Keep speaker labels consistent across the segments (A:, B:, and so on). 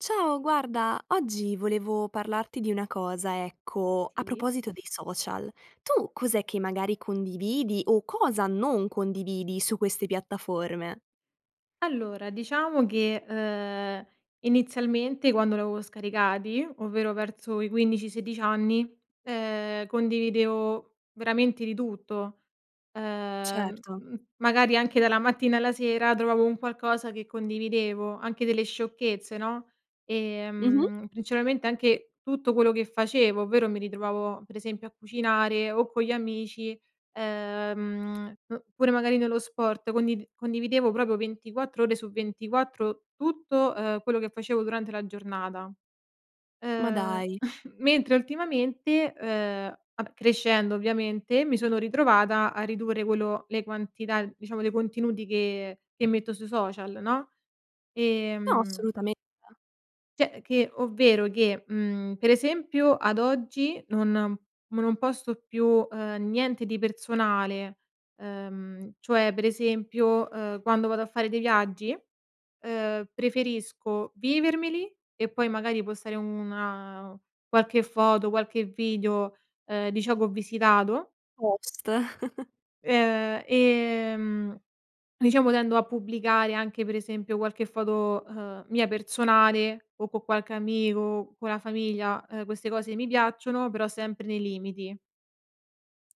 A: Ciao, guarda oggi volevo parlarti di una cosa, ecco a
B: Sì.
A: proposito dei social, tu cos'è che magari condividi o cosa non condividi su queste piattaforme?
B: Allora, diciamo che, uhm, inizialmente quando li avevo scaricati, ovvero verso i 15, 16 anni, uhm, condividevo veramente di tutto. Uhm,
A: Certo.
B: m magari anche dalla mattina alla sera trovavo un qualcosa che condividevo, anche delle sciocchezze, no?
A: Mh-mh.
B: Ehm, principalmente anche tutto quello che facevo, ovvero mi ritrovavo per esempio a cucinare o con gli amici, ehm, p pure magari nello sport condi condividevo proprio 24 ore su 24 tutto, ehm, quello che facevo durante la giornata.
A: Ma
B: Uhm,
A: dai.
B: mentre ultimamente, ehm, vabbè crescendo ovviamente, mi sono ritrovata a ridurre quello le quantità diciamo, dei contenuti che che metto sui social, no?
A: No,
B: Ehm
A: assolutamente.
B: Cioè che ovvero che, mhmm, per esempio ad oggi non m non posto più, uhm, niente di personale. Uhm, cioè per esempio, ehm, quando vado a fare dei viaggi, uhm, preferisco vivermeli e poi magari può stare una qualche foto, qualche video, uhm, di ciò che ho visitato.
A: Post.
B: Uhm, ehm, diciamo tendo a pubblicare anche, per esempio, qualche foto, ehm, mia personale o co' qualche amico, con la famiglia, uhm, queste cose mi piacciono però sempre nei limiti.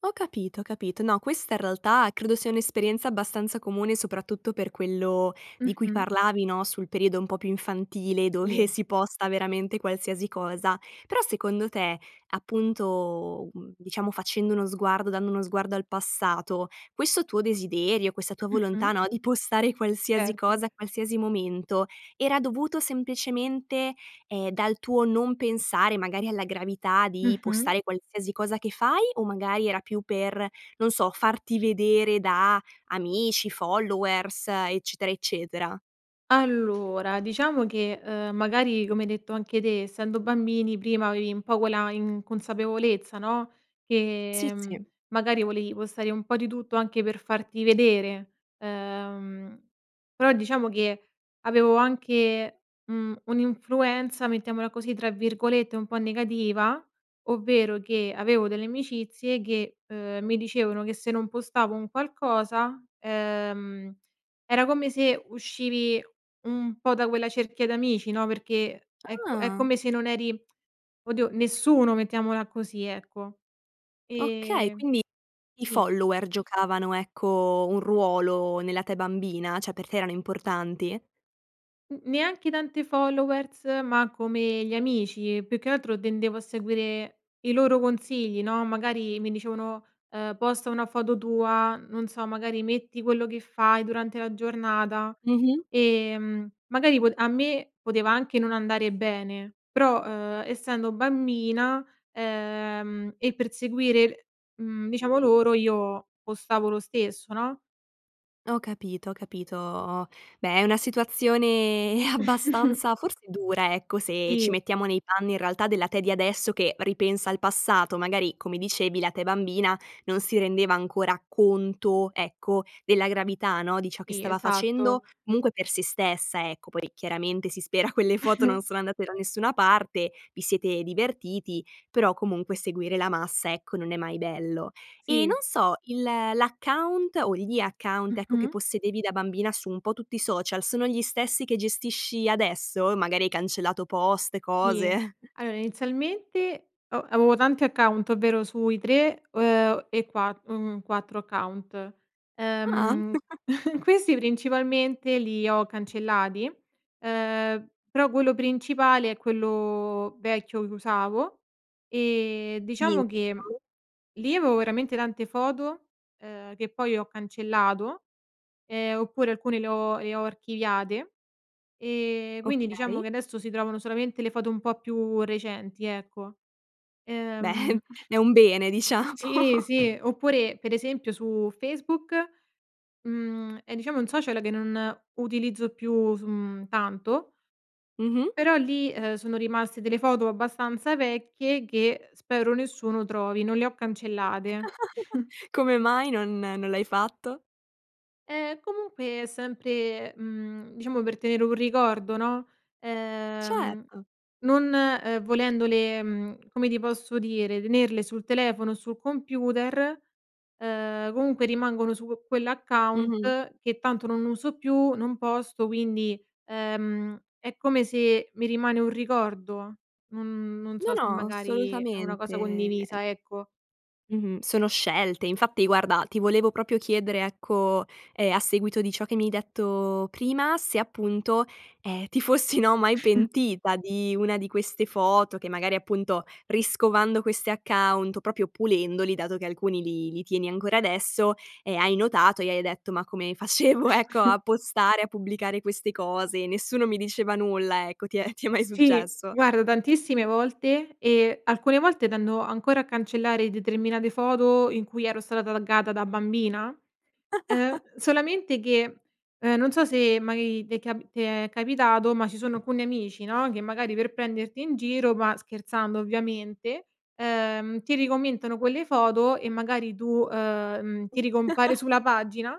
A: Ho capito, ho capito. Ho questa in realtà credo sia un'esperienza abbastanza comune, soprattutto per quello di cui
B: Mh-mh.
A: parlavi, no, sul periodo un po' più infantile
B: Sì.
A: dove si posta veramente qualsiasi cosa. Però secondo te, appunto, mhmm, diciamo facendo uno sguardo dando uno sguardo al passato, questo tuo desiderio, questa tua
B: Mh-mh.
A: volontà, no, di postare qualsiasi
B: Certo.
A: cosa a qualsiasi momento, era dovuto semplicemente, ehm, dal tuo non pensare magari alla gravità di
B: Mh-mh.
A: postare qualsiasi cosa che fai o magari era più per, non so, farti vedere da amici, followers, eccetera, eccetera.
B: Allora diciamo che, ehm, magari come hai detto anche te, essendo bambini prima avevi un poco la inconsapevolezza, no,
A: Sì
B: che, mhmm,
A: sì.
B: magari volevi postare un po' di tutto anche per farti vedere. Uhm, però diciamo che avevo anche, mhmm, un'influenza, mettiamola così, tra virgolette, "un po' negativa", ovvero che avevo delle amicizie che, uhm, mi dicevano che se non postavo un qualcosa, ehm, era come se uscivi un po' da quella cerchia d'amici, no, perché è co è
A: Ah.
B: come se non eri, oddio, nessuno, mettiamola così, ecco.
A: Okay,
B: Ehm,
A: quindi i
B: sì
A: follower giocavano ecco, un ruolo nella te bambina, cioè per te erano importanti?
B: N neanche tante followers, ma come gli amici e più che altro tendevo a seguire i loro consigli, no, magari mi dicevano, uhm, posta una foto tua, non so magari metti quello che fai durante la giornata.
A: Mh-mh.
B: Ehm, magari pot a me poteva anche non andare bene però, uhm, essendo bambina, ehm, e perseguire, mhmm, diciamo loro, io postavo lo stesso, no?
A: Ho capito, ho capito. Beh è una situazione abbastanza, forse dura ecco, se
B: Sì.
A: ci mettiamo nei panni in realtà della te di adesso che ripensa al passato. Magari, come dicevi, la te bambina non si rendeva ancora conto, ecco, della gravità no, di ciò che
B: Sì
A: stava facendo
B: esatto.
A: comunque per se stessa ecco. Poi chiaramente si spera quelle foto non sono andate da nessuna parte vi siete divertiti. Però comunque seguire la massa, ecco, non è mai bello. E, non
B: Sì.
A: so, il l'account o gli account ecco, che
B: Mh-mh.
A: possedevi da bambina su un po' tutti i social, sono gli stessi che gestisci adesso? Magari hai cancellato post,
B: Sì.
A: cose.
B: Allora inizialmente ho avevo tanti account, ovvero sui 3, uhm, e qua mhmm, 4 account.
A: Ah.
B: Uhm, questi principalmente li ho cancellati, uhm, però quello principale è quello vecchio che usavo. Ehm, diciamo che
A: [unintelligible]
B: lì avevo veramente tante foto, uhm, che poi ho cancellato, ehm, oppure alcune le ho le ho archiviate. Ehm, quindi diciamo che
A: Okay.
B: adesso si trovano solamente le foto un po' più recenti, ecco.
A: Beh,
B: Ehm
A: è un bene diciamo.
B: Sì, sì. Oppure per esempio su Facebook, mhmm, è diciamo un social che non utilizzo più s mhmm, tanto.
A: Mh-mh.
B: Però lì, ehm, sono rimaste delle foto abbastanza vecchie che spero nessuno trovi. Non le ho cancellate.
A: Come mai non non l'hai fatto?
B: Ehm, comunque è sempre, mhmm, diciamo per tenere un ricordo, no, ehm,
A: Certo.
B: non, uhm, volendole, mhmm, come ti posso dire, tenerle sul telefono o sul computer, uhm, comunque rimangono su
A: Mh-mh.
B: quell'account, che tanto non uso più, non posto, quindi, ehm, è come se mi rimane un ricordo. Non non so
A: No,
B: se
A: no
B: magari è una cosa
A: assolutamente.
B: condivisa ecco.
A: Mh-mh, sono scelte. Infatti guarda ti volevo proprio chiedere ecco, ehm, a seguito di ciò che mi hai detto prima, se appunto, ehm, ti fossi no mai pentita di una di queste foto che, magari appunto, riscovando questi account, proprio pulendoli, dato che alcuni li li tieni ancora adesso, ehm, hai notato e hai detto: "Ma come facevo" ecco "a postare a pubblicare queste cose? Nessuno mi diceva nulla?" Ecco ti è ti è mai
B: Sì.
A: successo?
B: Guarda tantissime volte e alcune volte tendo ancora a cancellare determinate foto, in cui ero stata t taggata da bambina. Ehm, solamente che, ehm, non so se mai ti è cap ti è capitato ma ci sono alcuni amici no che magari per prenderti in giro ma, scherzando ovviamente, uhm, ti ricommentano quelle foto e magari tu uhm, ti ricompare sulla pagina.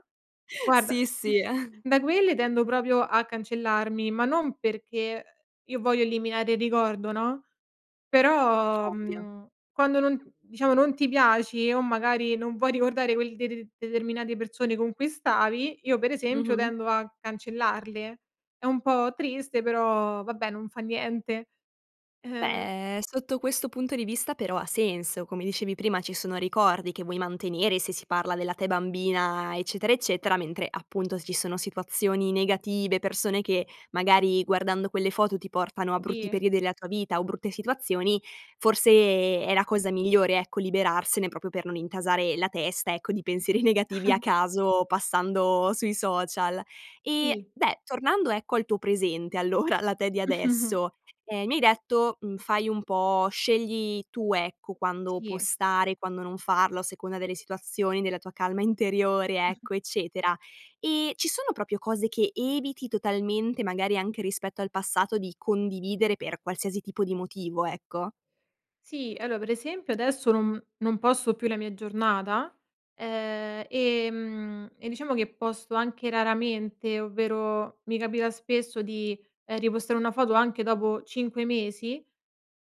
B: Guarda
A: Sì, sì, eh.
B: da quelle tendo proprio a cancellarmi, ma non perché, uhm, io voglio eliminare il ricordo, no, però,
A: Ovvio.
B: mhmm, quando non diciamo non ti piaci o magari non vuoi ricordare quel deter determinate persone con cui stavi, io per esempio
A: Mh-mh.
B: tendo a cancellarle. È un po' triste però, vabbè non fa niente. Uhm
A: Beh, sotto questo punto di vista però ha senso. Come dicevi prima, ci sono ricordi che vuoi mantenere, se si parla della te bambina, eccetera, eccetera. Mentre appunto, ci sono situazioni negative, persone che magari guardando quelle foto ti portano a brutti
B: Sì.
A: periodi della tua vita o brutte situazioni; forse è la cosa migliore ecco liberarsene, proprio per non intasare la testa, ecco, di pensieri negativi a caso passando sui social. E,
B: Sì.
A: beh, tornando ecco al tuo presente, allora alla te di adesso, ehm, mi hai detto, mhmm, fai un po' scegli tu, ecco, quando
B: Sì.
A: postare, quando non farlo a seconda delle situazioni, della tua calma interiore, ecco, eccetera. Ehm, ci sono proprio cose che eviti totalmente, magari anche rispetto al passato di condividere, per qualsiasi tipo di motivo, ecco?
B: Sì. Allora per esempio adesso non non posto più la mia giornata, uhm e mhmm, e diciamo che posto anche raramente, ovvero mi capita spesso di, ehm, repostare una foto anche dopo 5 mesi,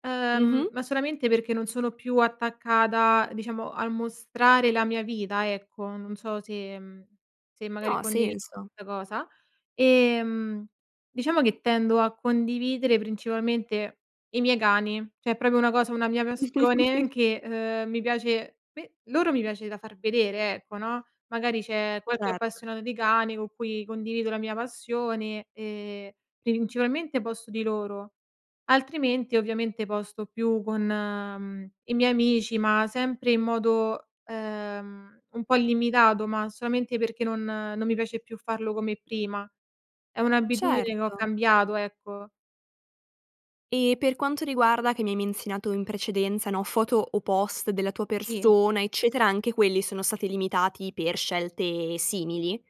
B: uhm,
A: Mh-mh.
B: ma solamente perché non sono più attaccata, diciamo, al mostrare la mia vita, ecco. Non so se mhmm, se
A: No,
B: magari
A: ha
B: condividi
A: senso.
B: la cosa. Ehm, diciamo che tendo a condividere principalmente i miei cani. Cioè è proprio una cosa una mia passione che, uhm, mi piace pe loro mi piace da far vedere ecco, no, magari c'è qualche
A: Certo.
B: appassionato di cani con cui condivido la mia passione e principalmente posto di loro. Altrimenti ovviamente posto più con, mhmm, i miei amici, ma sempre in modo, ehm, un po' limitato, ma solamente perché non non mi piace più farlo come prima. È un'abitudine che ho
A: Certo.
B: cambiato ecco.
A: E per quanto riguarda, che mi hai menzionato in precedenza, no, foto o post della tua
B: Sì.
A: persona, eccetera, anche quelli sono stati limitati per scelte simili?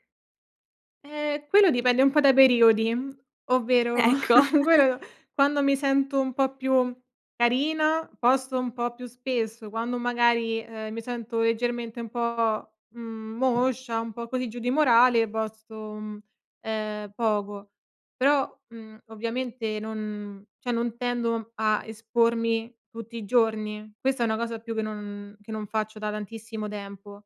B: Ehm, quello dipende un po' dai periodi. Mhmm, ovvero
A: Ecco.
B: quello quando me sento un po' più carina, posto un po' più spesso quando magari, ehm, mi sento leggermente un po', mhmm, moscia un po' così, giù di morale, posto, mhmm, ehm, poco. Però, mhmm, ovviamente non cioè non tendo a espormi tutti i giorni. Questa è una cosa più che non che non faccio da tantissimo tempo.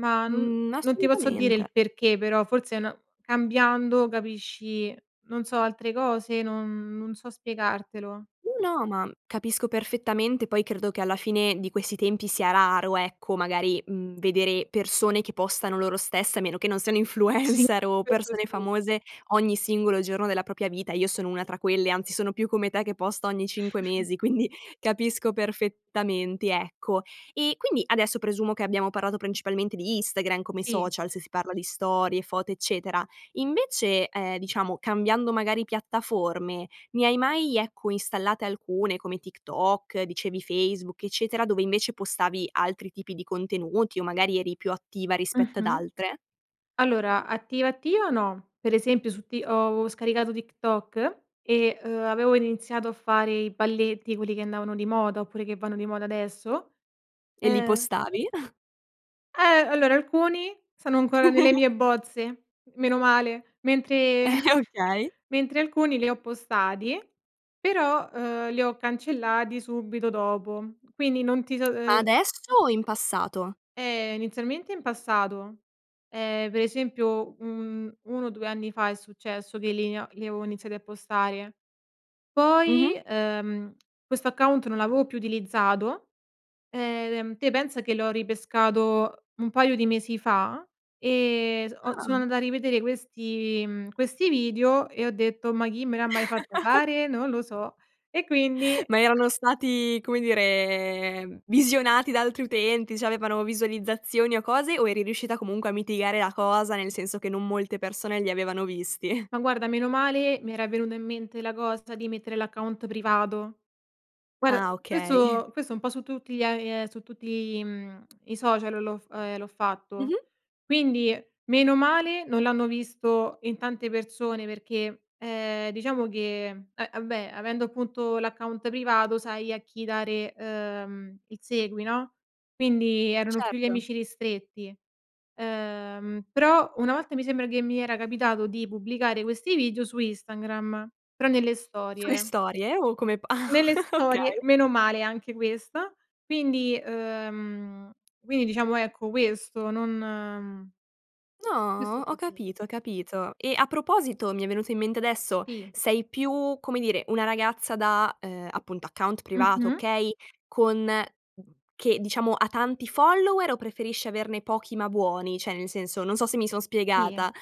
B: Ma non
A: Mh,
B: non ti posso dire
A: assolutamente.
B: il perché, però, forse no cambiando capisci, non so, altre cose non non so spiegartelo.
A: No, no ma capisco perfettamente. Poi credo che alla fine di questi tempi sia raro ecco magari, mhmm, vedere persone che postano loro stesse, a meno che non siano
B: Sì
A: influencer o
B: questo
A: persone
B: sì.
A: famose ogni singolo giorno della propria vita, io sono una tra quelle. Anzi sono più come te che posto ogni 5 mesi quindi capisco perfettamente ecco. E quindi adesso presumo che abbiamo parlato principalmente di Instagram, come
B: Sì.
A: social, se si parla di storie, foto, eccetera. Invece, ehm, diciamo cambiando magari piattaforme, ne hai mai, ecco, installate alcune come TikTok, dicevi Facebook, eccetera, dove invece postavi altri tipi di contenuti o magari eri più attiva rispetto ad
B: Mh-mh.
A: altre?
B: Allora attiva, attiva no. Per esempio su ti ho scaricato TikTok e, uhm, avevo iniziato a fare i balletti, quelli che andavano di moda, oppure che vanno di moda adesso,
A: E li
B: ehm
A: postavi?
B: Eh, allora alcuni sono ancora nelle mie bozze, meno male, mentre
A: Okay.
B: mentre alcuni li ho postati. Però, uhm, li ho cancellati subito dopo. Quindi non ti so
A: Ma
B: uhm
A: adesso o in passato?
B: Eh inizialmente in passato. Ehm, per esempio, mhmm, 1 o 2 anni fa è successo che li av li avevo iniziati a postare. Poi,
A: Mh-mh.
B: ehm, questo account non l'avevo più utilizzato. Ehm, te pensa che l'ho ripescato un paio di mesi fa e s ho sono
A: Ah.
B: andata a rivedere questi mhmm, questi video e ho detto: "Ma chi me l'ha mai fatto fare? Non lo so." E quindi
A: Ma erano stati, come dire, visionati da altri utenti, c'avevano visualizzazioni o cose, o eri riuscita comunque a mitigare la cosa, nel senso che non molte persone li avevano visti?
B: Ma guarda meno male, mi era venuto in mente la cosa di mettere l'account privato. Guarda
A: Ah, okay.
B: questo questo è un po' su tutti gli a ehm, su tutti i mhmm, i social l'ho f ehm, l'ho fatto
A: Mh-mh.
B: quindi meno male non l'hanno visto in tante persone, perché, ehm, diciamo che eh vabbè avendo appunto l'account privato sai a chi dare, uhm, il segui no, quindi erano più gli
A: Certo.
B: amici ristretti. Uhm, però una volta mi sembra che mi era capitato di pubblicare questi video su Instagram, però nelle
A: Sulle
B: storie.
A: storie o come p ah,
B: Nelle
A: okay.
B: storie, meno male anche questa quindi uhm, quindi diciamo ecco questo non
A: No
B: Giusto
A: ho
B: così.
A: capito, ho capito. E a proposito, mi è venuto in mente adesso,
B: Sì.
A: sei più come dire una ragazza da, ehm, appunto account privato
B: Mh-mh.
A: okay, con che diciamo ha tanti follower o preferisci averne pochi ma buoni? Cioè nel senso, non so se mi son
B: Sì.
A: spiegata?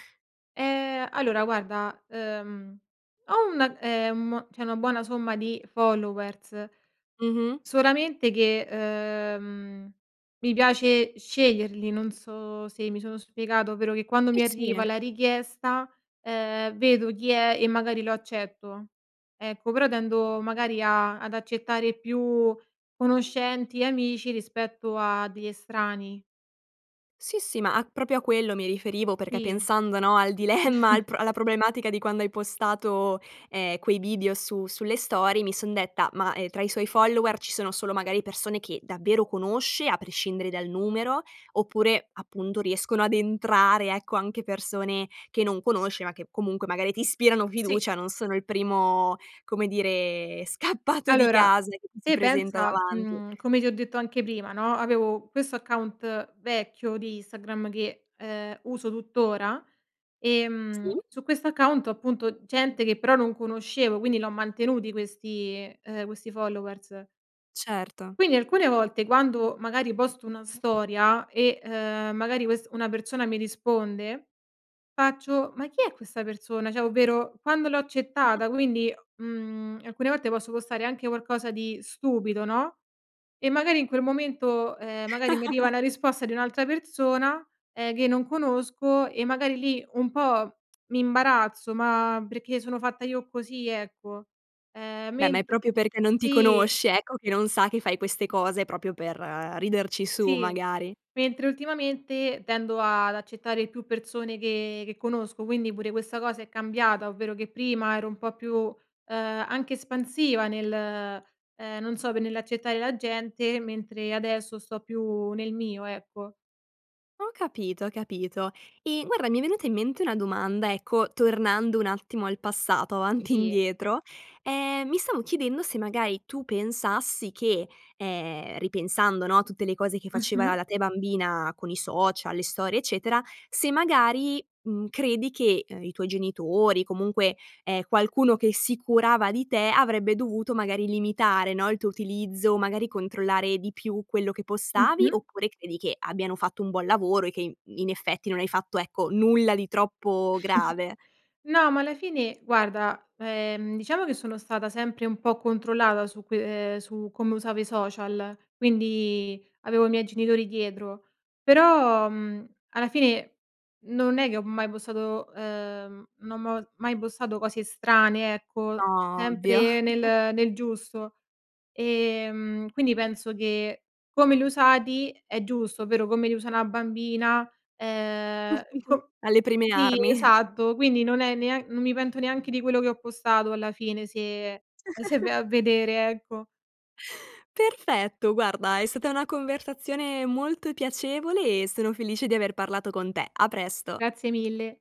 B: Eh, allora guarda, uhm, ho una ehm, cioè una buona somma di followers,
A: Mh-mh.
B: solamente che, uhm, mi piace sceglierli, non so se mi sono spiegata. Ovvero che quando
A: Sì
B: mi arriva
A: sì.
B: la richiesta, ehm, vedo chi è e magari lo accetto. Ecco, però tendo magari a ad accettare più conoscenti, amici, rispetto a degli estranei.
A: Sì, sì. Ma a proprio a quello mi riferivo, perché
B: Sì.
A: pensando no, al dilemma al p alla problematica di quando hai postato, ehm, quei video su sulle story mi son detta: "Ma, ehm, tra i suoi followers ci sono solo magari persone che davvero conosce, a prescindere dal numero, oppure, appunto, riescono ad entrare, ecco, anche persone che non conosce, ma che comunque magari ti ispirano
B: Sì.
A: fiducia, non sono il primo, come dire, scappato di
B: Allora
A: casa che ti si
B: te
A: presenta
B: pensa,
A: davanti.
B: mhmm, come ti ho detto anche prima, no, avevo questo account vecchio di Instagram che, ehm, uso tuttora e, mhmm,
A: Sì.
B: su questo account ho, appunto, gente che però non conoscevo. Quindi l'ho mantenuti questi ehm, questi followers.
A: Certo.
B: Quindi alcune volte, quando magari posto una storia e, uhm, magari quest una persona mi risponde faccio: "Ma chi è questa persona?" Cioè ovvero "Quando l'ho accettata?" Quindi, mhmm, alcune volte posso postare anche qualcosa di stupido no, e magari in quel momento, ehm, magari mi arriva la risposta di un'altra persona, ehm, che non conosco e magari lì un po' mi imbarazzo, ma perché sono fatta io così ecco. Ehm,
A: Beh, ma è
B: mentre
A: proprio perché non ti
B: sì.
A: conosce ecco che non sa che fai queste cose, proprio per riderci su
B: Sì.
A: magari.
B: Mentre ultimamente tendo ad accettare più persone che che conosco. Quindi pure questa cosa è cambiata ovvero che prima ero un po' più, uhm, anche espansiva nel ehm non so p nell'accettare la gente, mentre adesso sto più nel mio, ecco.
A: Ho capito, ho capito. E guarda, mi è venuta in mente una domanda, ecco, tornando un attimo al passato avanti e
B: Sì.
A: indietro. Ehm, mi stavo chiedendo se magari tu pensassi che, ehm, ripensando no a tutte le cose che faceva
B: Mh-mh.
A: la te bambina con i social, le storie eccetera se magari, mhmm, credi che, uhm, i tuoi genitori comunque, ehm, qualcuno che si curava di te, avrebbe dovuto magari limitare, no, il tuo utilizzo, magari controllare di più quello che postavi?
B: Mh-mh.
A: Oppure credi che abbiano fatto un buon lavoro e che i in effetti non hai fatto ecco, nulla di troppo grave.
B: No, ma alla fine guarda, ehm, diciamo che sono stata sempre un po' controllata su que ehm, su come usavo i social, quindi avevo i miei genitori dietro. Però, mhmm, alla fine non è che ho mai postato uhm, no mo mai postato cose strane ecco,
A: Ovvio.
B: sempre nel nel giusto. Ehm, quindi penso che come li ho usati è giusto, ovvero come li usa 'na bambina, ehm, co
A: Alle prime
B: sì
A: armi!
B: esatto, quindi non è nean non mi pento neanche di quello che ho postato alla fine, se se vai a vedere, ecco.
A: Perfetto, guarda è stata una conversazione molto piacevole e sono felice di aver parlato con te. A presto!
B: Grazie mille.